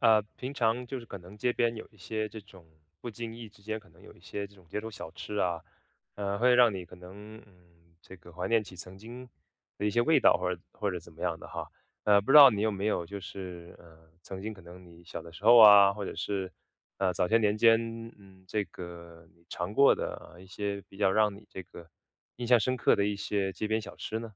啊，平常就是可能街边有一些这种不经意之间可能有一些这种街头小吃啊，呃，会让你可能，嗯，这个怀念起曾经的一些味道或者或者怎么样的哈。那不知道你有没有就是，呃，曾经可能你小的时候啊，或者是，呃，早些年间，嗯，这个你尝过的一些比较让你这个印象深刻的一些街边小吃呢？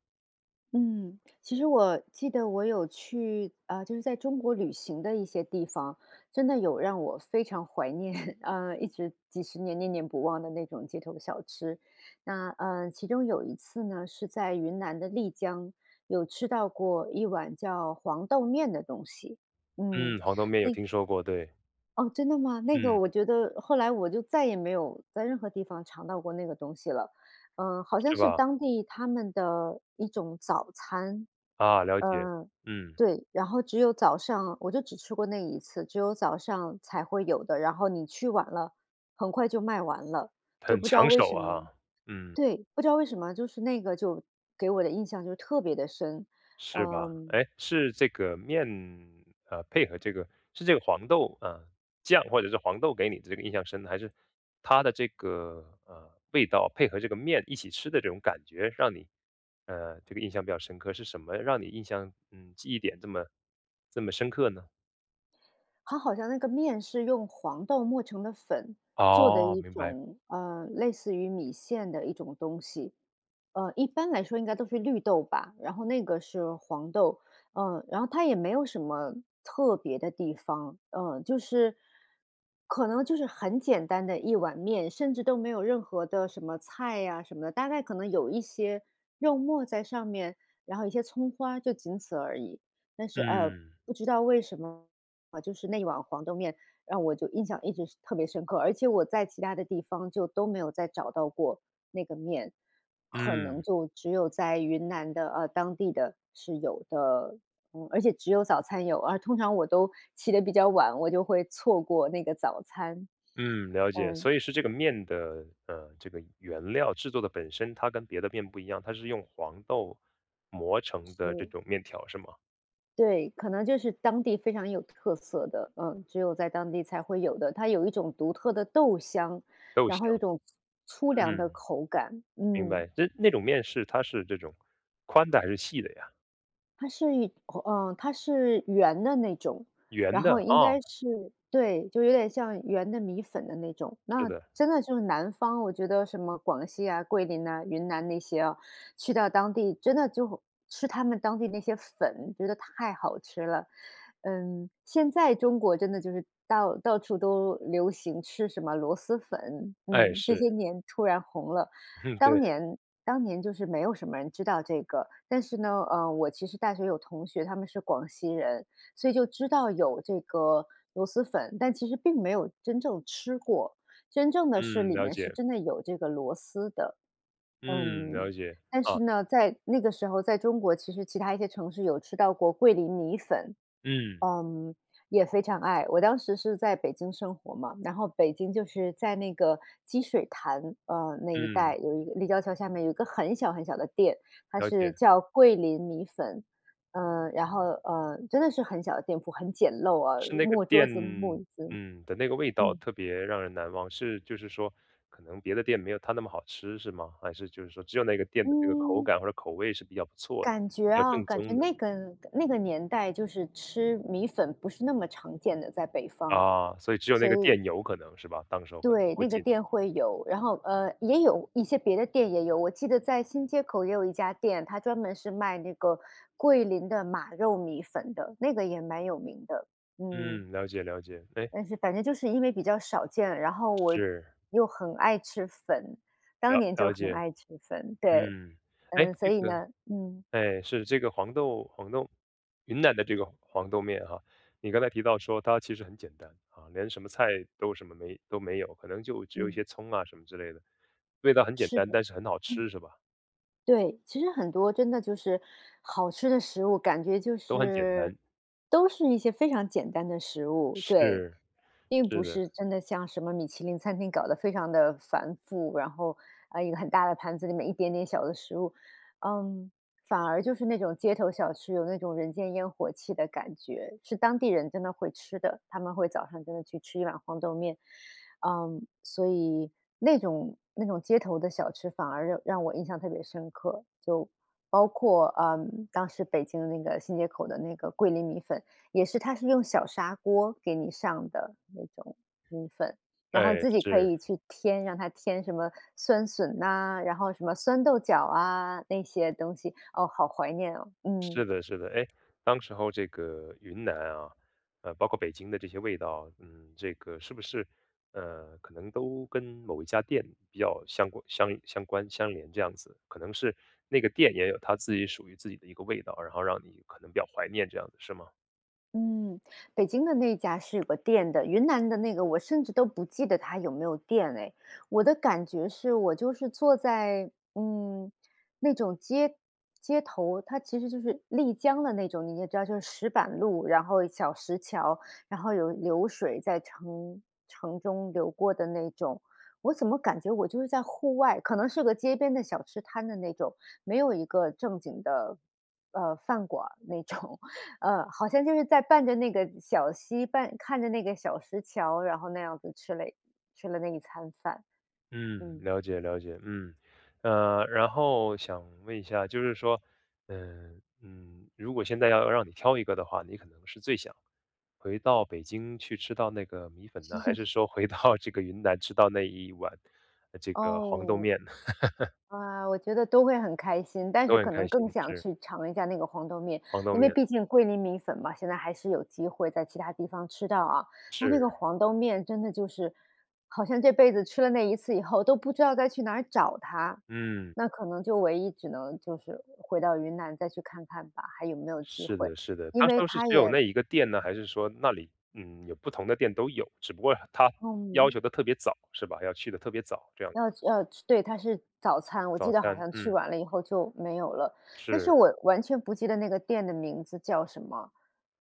嗯，其实我记得我有去，啊，就是在中国旅行的一些地方，真的有让我非常怀念，啊，一直几10年念念不忘的那种街头小吃。那，呃，其中有一次呢，是在云南的丽江，有吃到过一碗叫黄豆面的东西，嗯，嗯，黄豆面有那听说过，对。哦，真的吗？那个嗯。我觉得后来我就再也没有在任何地方尝到过那个东西了。呃，好像是是吧？当地他们的一种早餐，啊，了解，嗯，嗯。对。然后只有早上我就只吃过那一次，只有早上才会有的，然后你去晚了，很快就卖完了，就很不知道抢为手什么啊，嗯。对，不知道为什么，就是那个就给我的印象就特别地深。是吧，嗯。诶，是这个面，呃，配合这个是这个黄豆，呃，酱，或者是黄豆给你的这个印象深呢？还是它的这个，呃，味道配合这个面一起吃的这种感觉，让你，呃，这个印象比较深刻？是什么让你印象，嗯，记忆点这么这么深刻呢？它好像那个面是用黄豆磨成的粉，做的哦，一明白。种，呃，类似于米线的一种东西。呃，一般来说应该都是绿豆吧，然后那个是黄豆。呃，然后它也没有什么特别的地方，呃，就是，可能就是很简单的一碗面，甚至都没有任何的什么菜啊什么，大概可能有一些肉沫在上面，然后一些葱花，就仅此而已。但是呃，嗯。不知道为什么，就是那一碗黄豆面让我就印象一直是特别深刻，而且我在其它的地方就都没有再找到过那个面，可能嗯。就只有在云南的，呃，当地的，是有的。嗯，而且只有早餐有，而通常我都起得比较晚，我就会错过那个早餐。嗯，了解。嗯。所以是这个面的，呃，这个原料制作的本身，它跟别的面不一样，它是用黄豆磨成的这是。种面条是吗？对，可能就是当地非常有特色的，嗯，只有在当地才会有的。它有一种独特的豆香，豆然后香，有一种粗粗粮的嗯，口感，明嗯。白。就那种面是它是这种宽的还是细的呀？它是一口，呃，它是圆的那种，圆然后的？应哦。该是对，就是有点像圆的米粉的那种。是那的。真的就是南方，我觉得什么广西啊、桂林呐、云南那些啊，去到当地，真的就吃它们当地那些粉，觉得太好吃了。嗯，现在中国真的就是到到处都流行吃什么螺蛳粉，哎，嗯，这是。些年突然红了。当对。年当年就是没有什么人知道这个，但是呢，呃，我其实大学有同学，他们是广西人，所以就知道有这个螺蛳粉，但其实并没有真正吃过，真正的是嗯，里了面是解。真的有这个螺蛳的。嗯，嗯，了解，但啊。是呢，在那个时候在中国，其实其它一些城市有吃到过桂林米粉。嗯。嗯，也非常爱。我当时是在北京生活嘛，然后北京就是在那个积水潭，呃，那一嗯。带有一立交桥下面有一个很小很小的店，它了是解。叫桂林米粉，呃，然后，呃，真的是很小的店铺，很简陋啊-是那个木桌店，子、木椅子。嗯，的那个味道嗯。特别让人难忘，是就是说，可能别的店没有它那么好吃，是吗？还是就是说，只有那个店的那个口嗯。感或者口味是比较不错的，感觉比较啊，正感宗觉的？那个的那个年代就是吃米粉不是那么常见的，在北方，啊，所以只有那所个以店有可能是吧？当时那时候可能对，会那个进。店会有。然后，呃，也有一些别的店也有，我记得在新街口也有一家店，它专门是卖那个桂林的马肉米粉的，那个也蛮有名的，嗯。嗯，了解，了解。诶？但是反正就是因为比较少见，然后我是。又很爱吃粉，当了年就了很解，爱吃粉，对。嗯。诶，嗯，所这以个呢嗯。哎，是这个黄豆黄豆云南的这个黄豆面啊，你刚才提到说它其实很简单，啊，连什么菜都什么没都没有，可能就只有一嗯。些葱啊什么之类的，味道很简是单的，但是很好嗯。吃，是吧？对，其实很多真的就是好吃的食物，感觉就都很简是单。都是一些非常简单的食物。对，是，并是不的。是真的像什么米其林餐厅搞得非常地繁复，然后，哎，一个很大的盘子里面一点点小的食物。嗯，反而就是那种街头小吃，有那种人间烟火气的感觉，是当地人真的会吃的，他们会早上真的去吃一碗黄豆面。嗯，所以那种那种街头的小吃，反而让让我印象特别深刻。就包括，呃，当时北京的那个新街口的那个桂林米粉，也是它是用小砂锅给你上的那种米粉，然后你哎，自己可是。以去添，让他添什么酸笋呐，然后什么酸豆角啊，那些东西。哦，好怀念哦，嗯。是的，是的。诶，当时候这个云南啊，呃，包括北京的这些味道啊，嗯，这个是不是，呃，可能都跟某一家店比较相关相相关相连这样子？可能是那个店也有它自己属于自己的一个味道，然后让你可能比较怀念这样，是吗？嗯，北京的那家是有个店的，云南的那个我甚至都不记得它有没有店诶。我的感觉是，我就是坐在，嗯，那种街，街头，它其实就是丽江的那种，你也知道就是石板路，然后小石桥，然后有流水在城城中流过的那种。我怎么感觉我就是在户外，可能是个街边的小吃摊的那种，没有一个正经的，呃，饭馆儿那种。嗯，好像就是在伴着那个小溪，伴看着那个小石桥，然后那样子吃了吃了那一餐饭，嗯，嗯。了解，了解，嗯。呃，然后想问一下，就是说，呃，嗯，如果现在要让你挑一个的话，你可能是最想回到北京去吃到那个米粉呢，还 是说回到这个云南吃到那1碗，呃，这个黄豆哦。面呢？啊，我觉得都会很开心，但都是很可开能更心，想是。去尝一下那个黄豆面。黄豆因为面。毕竟桂林米粉嘛，现在还是有机会在其它地方吃到啊。但那个是。黄豆面真的就是，好像这辈子吃了那一次以后都不知道该去哪儿找它，嗯。那可能就唯一只能就是回到云南再去看看吧，还有没有机是会，的，是的。因当时为当时它只有也那一个店呢，还是说那里，嗯，有不同的店都有，只不过它要嗯。求得特别早，是吧？要去得特别早，这样子。要吃要吃对，它是早餐，我记早得好餐，像去嗯。晚了以后就没有了。但是是。我完全不记得那个店的名字叫什么，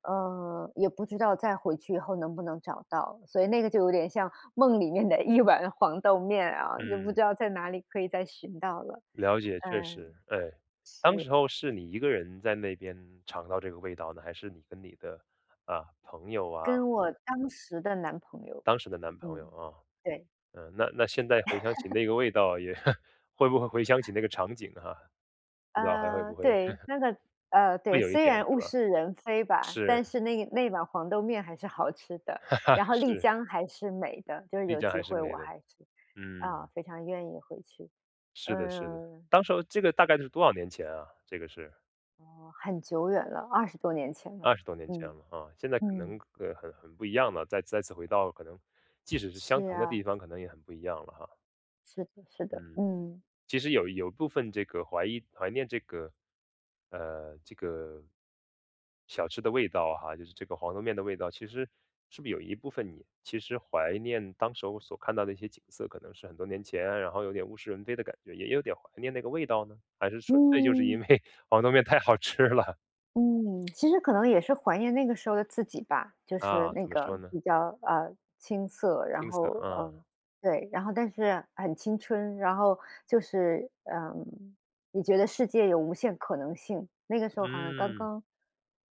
呃，也不知道再回去以后能不能找到。所以那个就有点像梦里面的1碗黄豆面啊，也不嗯。知道在哪里可以再寻到了，了解，确嗯。实，哎。当是。时候是你1个人在那边尝到这个味道呢，还是你跟你的，啊，朋友啊？跟我当时的男朋友，当时的男朋友，嗯，啊。对。呃，那那现在回想起 那个味道也 会不会回想起那个场景哈？不知道还会呃，不会？对，那个呃，对，会有一虽点，然是物吧？是人非吧，但是。是那那碗黄豆面还是好吃的，然 后丽是。江还是美的，就是丽有江机还是会我美的，还是，嗯。啊，非常愿意回去。是的，是的。嗯当时候这个大概是多少年前啊，这个是？哦，很久远了，20多年前了，20多年前嗯，了哈，现在可能嗯。个个很很不一样了，再再次回到，可能即使是相是同的啊。地方可能也很不一样了哈。是的，是的，嗯，嗯。其实有有部分这个怀疑怀念这个，呃，这个，小吃的味道哈，就是这个黄豆面的味道。其实，是不有一部分你其实怀念当时候所看到的一些景色，可能是很多年前啊，然后有点物是人非的感觉，也有点怀念那个味道呢？还是纯粹就是因嗯。为黄豆面太好吃了？嗯，其实可能也是怀念那个时候的自己吧。就是啊，那怎么个说呢？比较，呃，青涩，然青涩，后，啊。嗯，对，然后但是很青春，然后就是，嗯，也觉得世界有无限可能性。那个时候好像刚嗯。刚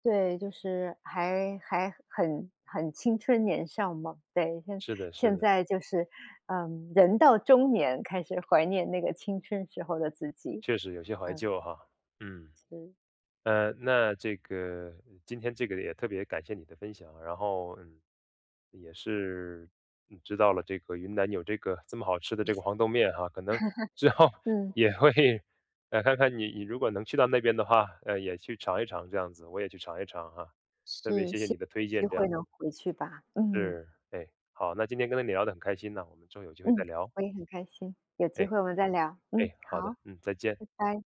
对，就是还还很很青春年少嘛。对，是的，是现的。在就是，嗯，人到中年开始怀念那个青春时候的自己，确实有些怀嗯。旧哈，嗯。嗯。呃，那这个，今天这个也特别感谢你的分享，然后，嗯，也是，嗯，知道了这个云南有这个，这么好吃的这个黄豆面哈。可能之 后嗯。也会呃，看看你你如果能去到那边的话，呃，也去尝一尝这样子，我也去尝一尝哈。特别是，谢谢希你的推望有荐机这样会能子。回去吧，嗯。是，哎，好。那今天跟你聊得很开心呐，我们之后机会嗯，再聊。我也很开心，有哎，机会我们再聊，哎，嗯，好的。好，嗯，再见。拜拜。